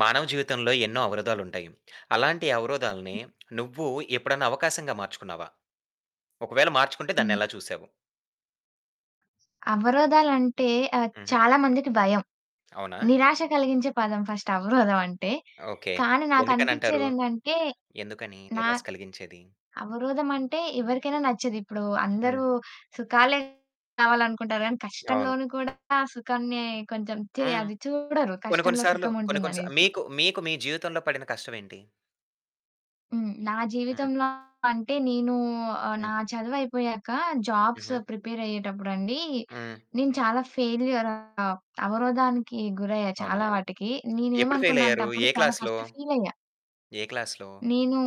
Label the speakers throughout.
Speaker 1: మానవ జీవితంలో ఎన్నో అవరోధాలుంటాయి. అలాంటి అవరోధాలని నువ్వు ఎప్పుడన్నా అవకాశంగా మార్చుకున్నావా? ఒకవేళ మార్చుకుంటే దాన్నెలా
Speaker 2: హ్మ్.
Speaker 1: చూసావు?
Speaker 2: అవరోధాలంటే, ఆహ్,
Speaker 1: హుహు.
Speaker 2: చాలా మందికి భయం.
Speaker 1: అవునా!
Speaker 2: నిరాశ కలిగించే పదం ఫస్ట్ అవరోధం అంటే.
Speaker 1: ఓకె.
Speaker 2: కానీ
Speaker 1: ఎందుకనంటారు?
Speaker 2: నాకనిపిచ్చేది ఏందంటే,
Speaker 1: ఎందుకని
Speaker 2: నా
Speaker 1: నిరాశ కలిగించేది?
Speaker 2: అవరోధమంటే ఎవరికైనా నచ్చదు. ఇప్పుడు
Speaker 1: హ్మ్.
Speaker 2: అందరూ సుఖాలే కావాలనుకుంటారు కానీ,
Speaker 1: అవును.
Speaker 2: కష్టంలోను కూడా సుఖాన్ని కొంచెం చే
Speaker 1: హ్మ్.
Speaker 2: అది చూడరు
Speaker 1: కొన్ని కొన్ని
Speaker 2: కష్టంలో
Speaker 1: సార్లు, కొన్ని కొన్ని సా
Speaker 2: సుఖముంటుందనేసి.
Speaker 1: మీకు మీకు మీ జీవితంలో పడిన కష్టం ఏంటి?
Speaker 2: హ్మ్. నా
Speaker 1: హ్మ్.
Speaker 2: జీవితంలో అంటే నేను ఆహ్,
Speaker 1: హ్మ్.
Speaker 2: నా చదువుయిపోయాక జాబ్స్
Speaker 1: హుహు.
Speaker 2: ప్రిపేరయ్యేటప్పుడండి,
Speaker 1: హ్మ్.
Speaker 2: నేను చాలా ఫెయిల్యూర్ అవరోధానికి గురయ్యా
Speaker 1: అవునా!
Speaker 2: చాలా వాటికి.
Speaker 1: ఎప్పుడు
Speaker 2: నేనేమనుకున్నా అంటే
Speaker 1: ఫెయిలయ్యారు?
Speaker 2: అప్పుడు
Speaker 1: ఏ
Speaker 2: చాలా
Speaker 1: క్లాస్‌లో?
Speaker 2: ఫస్ట్ ఫీలయ్యా.
Speaker 1: ఏ క్లాస్‌లో?
Speaker 2: నేను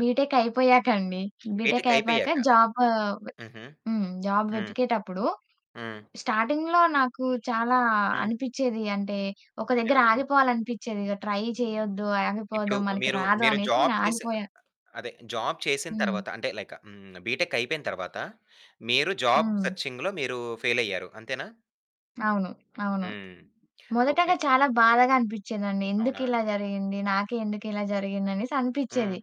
Speaker 2: బీటెక్ అయిపోయాకండి. బీటెక్
Speaker 1: బీటెక్
Speaker 2: అయిపోయాక
Speaker 1: అయిపోయాక.
Speaker 2: జాబు వ
Speaker 1: హుహు.
Speaker 2: హ్మ్. జాబ్
Speaker 1: హ్మ్.
Speaker 2: వెతికేటప్పుడు
Speaker 1: హ్మ్.
Speaker 2: స్టార్టింగ్‌లో నాకు చాలా
Speaker 1: హ్మ్.
Speaker 2: అనిపిచ్చేది అంటే ఒక దగ్గర
Speaker 1: ఏవని?
Speaker 2: ఆగిపోవాలననిపిచ్చేది ఇగ ట్రై చేయొద్దు,
Speaker 1: ఇప్పుడు
Speaker 2: ఆగిపోద్దాం మనకి
Speaker 1: మీరు
Speaker 2: రాదు
Speaker 1: మీరు
Speaker 2: అనేసి
Speaker 1: జాబ్ చేసి
Speaker 2: నేనాగిపోయాను.
Speaker 1: అదే జాబ్ చేసిన
Speaker 2: హ్మ్.
Speaker 1: తరువాత అంటే లైక్ హ్మ్. బీటెక్ అయిపోయిన తరువాత మీరు జాబ్
Speaker 2: హ్మ్.
Speaker 1: సెర్చింగ్‌లో మీరు ఫెయిలయ్యారు అంతేనా?
Speaker 2: అవును. అవును.
Speaker 1: హ్మ్.
Speaker 2: మొదటగా
Speaker 1: ఓకె.
Speaker 2: చాలా బాధగా అనిపిచ్చిందండి.
Speaker 1: అవునా?
Speaker 2: ఎందుకిలా జరిగింది? నాకే ఎందుకిలా జరిగింది? అనేసి
Speaker 1: హ్మ్.
Speaker 2: అనిపిచ్చేది.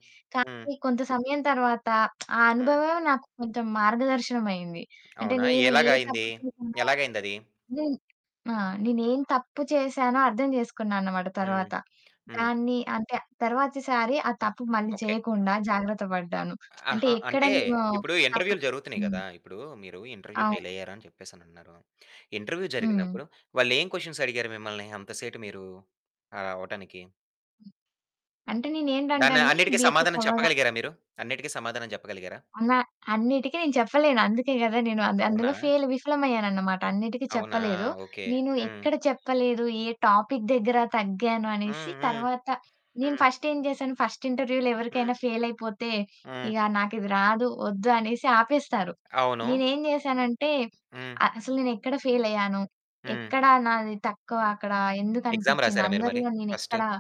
Speaker 1: హ్మ్.
Speaker 2: కానీ కొంత సమయం తరువాత, ఆ
Speaker 1: హ్మ్.
Speaker 2: అనుభవమే నాకు కొంచెం మార్గదర్శనమయ్యింది. అంటే
Speaker 1: అవునా!
Speaker 2: నేను ఏ
Speaker 1: ఎలాగయింది?
Speaker 2: తప్పు చేసానో,
Speaker 1: ఎలాగయిందది?
Speaker 2: నేను ఆ! నేను ఏం తప్పు చేసానో అర్థం చేసుకున్నా అనమాట
Speaker 1: హ్మ్,
Speaker 2: తరువాత.
Speaker 1: హ్మ్.
Speaker 2: దాన్ని అంటే తరువాత సారి ఆ తప్పు మళ్ళీ
Speaker 1: ఓకె.
Speaker 2: చేయకుండా జాగ్రత్త పడ్డాను. అంటే
Speaker 1: ఆహా!
Speaker 2: ఎక్కడ
Speaker 1: అంటే
Speaker 2: నేను
Speaker 1: ఇప్పుడు
Speaker 2: తప్పు
Speaker 1: ఇంటర్వ్యూలు జరుగుతున్నాయి
Speaker 2: హ్మ్.
Speaker 1: గదా! ఇప్పుడు మీరు ఇంటర్వ్యూ
Speaker 2: అవును.
Speaker 1: ఫెయిలయ్యారు అని చెప్పేసనన్నారు. ఇంటర్వ్యూ
Speaker 2: హుహు.
Speaker 1: జరిగినప్పుడు, వాళ్ళేం క్వెషన్స్ అడిగారు మిమ్మల్ని అంత సేటు మీరు ఆహ్, రావటానికి.
Speaker 2: అంటే నేనేంటంటే
Speaker 1: దాన్ని
Speaker 2: అండి
Speaker 1: అన్నిటికి
Speaker 2: బీటెక్
Speaker 1: సమాధానం
Speaker 2: అవ్వగా
Speaker 1: చెప్పగలిగారా మీరు? అన్నిటికి సమాధానం చెప్పగలిగారా?
Speaker 2: అనా అన్నిటికి నేను చెప్పలేను అందుకే గదా! నేను అన్ అందులో
Speaker 1: అవునా!
Speaker 2: ఫెయిల్ విఫలమయ్యాననమాట. అన్నిటికి
Speaker 1: అవునా!
Speaker 2: చెప్పలేదు.
Speaker 1: ఓకే.
Speaker 2: నేను
Speaker 1: హ్మ్.
Speaker 2: ఎక్కడ చెప్పలేదు, ఏ టాపిక్ దగ్గర తగ్గాను అనేసి
Speaker 1: హ్మ్. హ్మ్.
Speaker 2: తర్వాత, నేను
Speaker 1: హ్మ్.
Speaker 2: ఫస్టేం జేసాను. ఫస్ట్ ఇంటర్వ్యూలో
Speaker 1: హ్మ్.
Speaker 2: ఎవరికైనా ఫెయిలయిపోతే
Speaker 1: హ్మ్.
Speaker 2: ఇగ నాకిది రాదు, వద్దు అనేసి ఆపేస్తారు.
Speaker 1: అవును.
Speaker 2: నేనేం జేసానంటే,
Speaker 1: హ్మ్.
Speaker 2: అ అసలు నేనెక్కడ ఫెయిలయ్యాను,
Speaker 1: హ్మ్.
Speaker 2: ఎక్కడ నాది తక్కువ అక్కడ
Speaker 1: ఎగ్జామ్
Speaker 2: ఎందుకనిపిచ్చింది
Speaker 1: రాసారా మీరు మరి
Speaker 2: అందరిలో
Speaker 1: ఫస్ట్?
Speaker 2: నేనెక్కడ